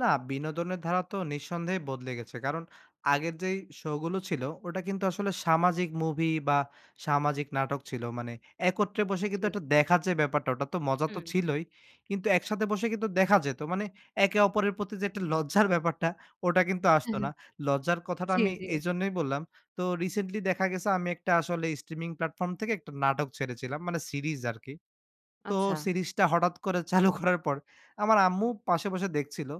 না, বিনোদনের ধারা তো নিঃসন্দেহে বদলে গেছে। কারণ আগের যেই শো গুলো ছিল ওটা কিন্তু আসলে সামাজিক মুভি বা সামাজিক নাটক ছিল। মানে একত্রে বসে কিন্তু জি। একটা দেখার যে ব্যাপারটা ওটা তো মজা তো হুম। ছিলই। কিন্তু একসাথে বসে কিন্তু দেখা যেত। মানে একে অপরের প্রতি যে একটা লজ্জার ব্যাপারটা ওটা কিন্তু আসত অ্যা হ্যাঁ, না। লজ্জার কথাটা জি, আমি জি। এইজন্যই বললাম। তো রিসেন্টলি দেখা গেছে আমি আসলে স্ট্রিমিং প্ল্যাটফর্ম থেকে একটা নাটক ছেড়েছিলাম। মানে সিরিজ আরকি। তো আচ্ছা। সিরিজটা হঠাৎ করে চালু করার পর আমার আম্মু পাশে বসে দেখছিল।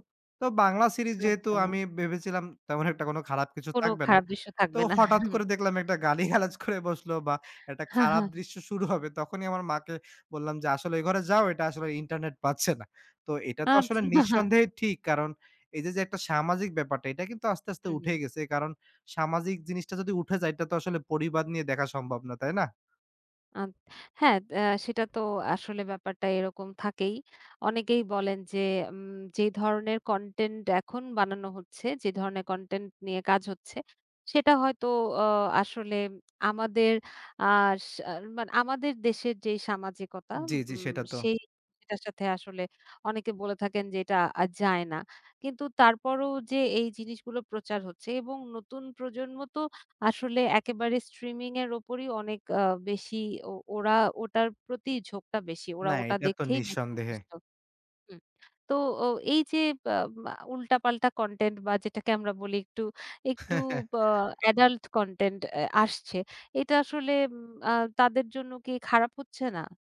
তো বাংলা সিরিজ যেহেতু আচ্ছা। আমি ভেবেছিলাম তেমন একটা কোন খারাপ কিছু কোন থাকবে না। খারাপ দৃশ্য তো থাকবে না হুম। হঠাৎ করে দেখলাম একটা গালিগালাজ করে বসলো বা একটা খারাপ দৃশ্য শুরু হবে। তখনই আমার মাকে বললাম যে আসলে ঐ ঘরে যাও এটা আসলে ইন্টারনেট পাচ্ছে না। তো এটা তো আসলে আচ্ছা। নিঃসন্দেহে ঠিক কারণ এই যে, যে একটা সামাজিক ব্যাপারটা এটা কিন্তু আস্তে, আস্তে হুম, হুম। উঠে গেছে। কারণ সামাজিক জিনিসটা যদি উঠে যায় এটা তো আসলে পরিবার নিয়ে দেখা সম্ভব না। তাই না? আদ হ্যাঁ দ সেটা তো আসলে ব্যাপারটা এরকম থাকেই। অনেকেই বলেন যে উম যে ধরনের কনটেন্ট এখন বানানো হচ্ছে, যে ধরনের কনটেন্ট নিয়ে কাজ হচ্ছে, সেটা হয়তো ও আসলে আমাদের আ সার মানে আমাদের দেশের যে সামাজিকতা, জি, জি উম সেটা তো। সেই সেটার সাথে আসলে অনেকে বলে থাকেন যে এটা আ যায় না। কিন্তু তারপরও যে এই জিনিসগুলো প্রচার হচ্ছে এবং নতুন প্রজন্ম তো আসলে একেবারে স্ট্রিমিং এর উপরেই অনেক আ বেশি ও ওরা ওটার প্রতিই ঝোঁকটা বেশি। ওরা না ওটা এটা তো দেখেই বেশি নিঃসন্দেহে। অভ্যস্থ হুম। তো ও এই যে বা আ উল্টাপাল্টা কনটেন্ট বা যেটাকে আমরা বলি, একটু, একটু ব এডাল্ট কনটেন্ট আ আসছে। এটা আসলে উম আ তাদের জন্য কি খারাপ হচ্ছে না?